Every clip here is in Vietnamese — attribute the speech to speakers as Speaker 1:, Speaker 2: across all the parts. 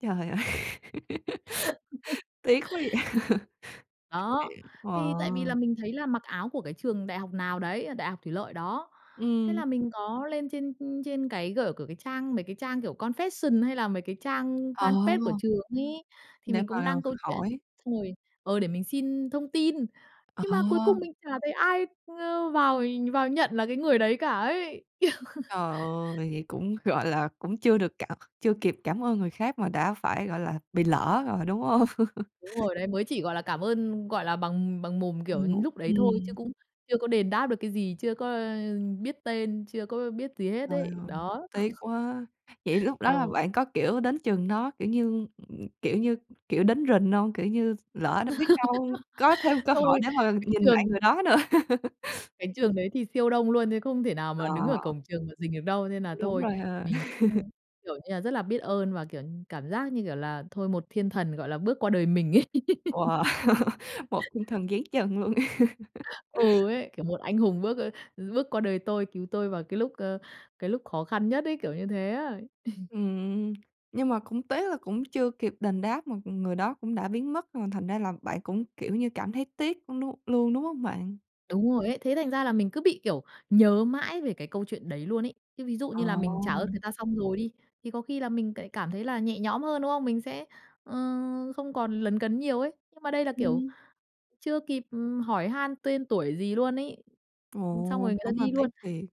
Speaker 1: Trời ơi! Tiếc quá vậy!
Speaker 2: Đó.
Speaker 1: Chuyện
Speaker 2: Thì tại vì là
Speaker 1: ờ.
Speaker 2: mình thấy là mặc áo của cái trường đại học nào đấy, ở đại học Thủy Lợi đó. Thế
Speaker 1: Ừm.
Speaker 2: là mình có lên trên, ưm, trên cái gỡ của cái trang, mấy cái trang, kiểu, confession hay là mấy cái trang
Speaker 1: Ờ.
Speaker 2: fanpage của trường ấy, thì
Speaker 1: Để
Speaker 2: mình cũng
Speaker 1: mà
Speaker 2: đăng câu
Speaker 1: hỏi.
Speaker 2: chuyện, xong rồi, ờ, để mình xin thông tin.
Speaker 1: Ờ.
Speaker 2: Nhưng mà cuối cùng mình chả thấy ai, ưm, vào để vào nhận là cái người đấy cả ấy.
Speaker 1: Trời ơi! Vậy cũng, gọi là, cũng chưa được cảm chưa kịp cảm ơn người khác mà đã phải, gọi là, bị lỡ rồi, đúng hông?
Speaker 2: Đúng rồi đấy, mới chỉ, gọi là, cảm ơn, gọi là, bằng bằng mồm, kiểu,
Speaker 1: Ừm.
Speaker 2: lúc đấy thôi chứ
Speaker 1: Ừm.
Speaker 2: cũng chưa có đền đáp được cái gì, chưa có, ơ, biết tên, chưa có biết gì hết
Speaker 1: Trời
Speaker 2: ấy.
Speaker 1: ơi!
Speaker 2: Đó.
Speaker 1: Tiếc quá! Vậy lúc đó là
Speaker 2: Ừ.
Speaker 1: bạn có, kiểu, đến trường nó, kiểu như, ừm, kiểu như, kiểu, đến rình hông? Kiểu như lỡ nó biết đâu có thêm cơ hội
Speaker 2: Tôi
Speaker 1: để mà
Speaker 2: cái
Speaker 1: nhìn lại
Speaker 2: trường
Speaker 1: người đó nữa.
Speaker 2: cái trường đấy thì siêu đông luôn đấy không thể nào mà đứng ở
Speaker 1: Đó.
Speaker 2: cổng trường mà rình được đâu, nên là
Speaker 1: Đúng
Speaker 2: thôi
Speaker 1: rồi ha.
Speaker 2: mình cũng, kiểu như là, rất là biết ơn và, kiểu như, cảm giác như, kiểu là, thôi một thiên thần, gọi là, bước qua đời mình ấy.
Speaker 1: Wow! Một thiên thần giáng trần luôn!
Speaker 2: Ừ, ấy, kiểu, một anh hùng bước, ơ, ừm, bước qua đời tôi cứu tôi vào cái lúc, ơ, cái lúc khó khăn nhất ấy, kiểu như thế á. Ừ.
Speaker 1: Ừm. Nhưng mà cũng tế là cũng chưa kịp đền đáp, mà còn người đó cũng đã biến mất, à, thành ra là bạn cũng, kiểu như, cảm thấy tiếc, ưm, nu luôn, đúng hông bạn?
Speaker 2: Đúng rồi ấy. Thế thành ra là mình cứ bị, kiểu, nhớ mãi về cái câu chuyện đấy luôn ấy. Chứ ví dụ
Speaker 1: Ờ.
Speaker 2: như là mình trả ơn người ta xong rồi đi, thì có khi là mình tại cảm thấy là nhẹ nhõm hơn, đúng không? Mình sẽ, ờ, không còn lấn cấn nhiều ấy, nhưng mà đây là, kiểu,
Speaker 1: Ừm.
Speaker 2: chưa kịp, ừm, hỏi han tên tuổi gì luôn ấy.
Speaker 1: Ồ,
Speaker 2: Ừm, xong rồi người ta
Speaker 1: đúng là
Speaker 2: đi
Speaker 1: tiếc
Speaker 2: luôn.
Speaker 1: thiệt!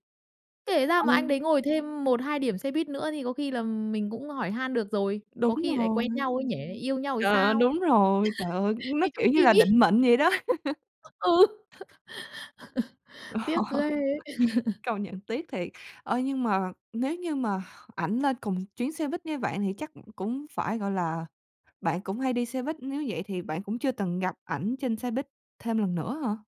Speaker 2: Kể ra mà anh đấy
Speaker 1: Ừ.
Speaker 2: ngồi thêm 1-2 điểm xe buýt nữa thì có khi là, ừm, mình cũng hỏi han được rồi, có
Speaker 1: Đúng
Speaker 2: khi lại
Speaker 1: rồi.
Speaker 2: quen nhau ấy nhỉ, yêu nhau thì
Speaker 1: Trời ơi,
Speaker 2: sao,
Speaker 1: đúng rồi, trời ơi, nó,
Speaker 2: như trong
Speaker 1: kiểu như
Speaker 2: phim
Speaker 1: là,
Speaker 2: ấy.
Speaker 1: định mệnh vậy đó!
Speaker 2: Ừ. Ừ. Tiếc ghê ấy!
Speaker 1: Công nhận tiếc thiệt! Ơ, nhưng mà nếu như mà ảnh lên cùng chuyến xe buýt như bạn thì chắc, ừm, cũng phải gọi là bạn cũng hay đi xe buýt, nếu vậy thì bạn cũng chưa từng gặp ảnh trên xe buýt thêm lần nữa hả?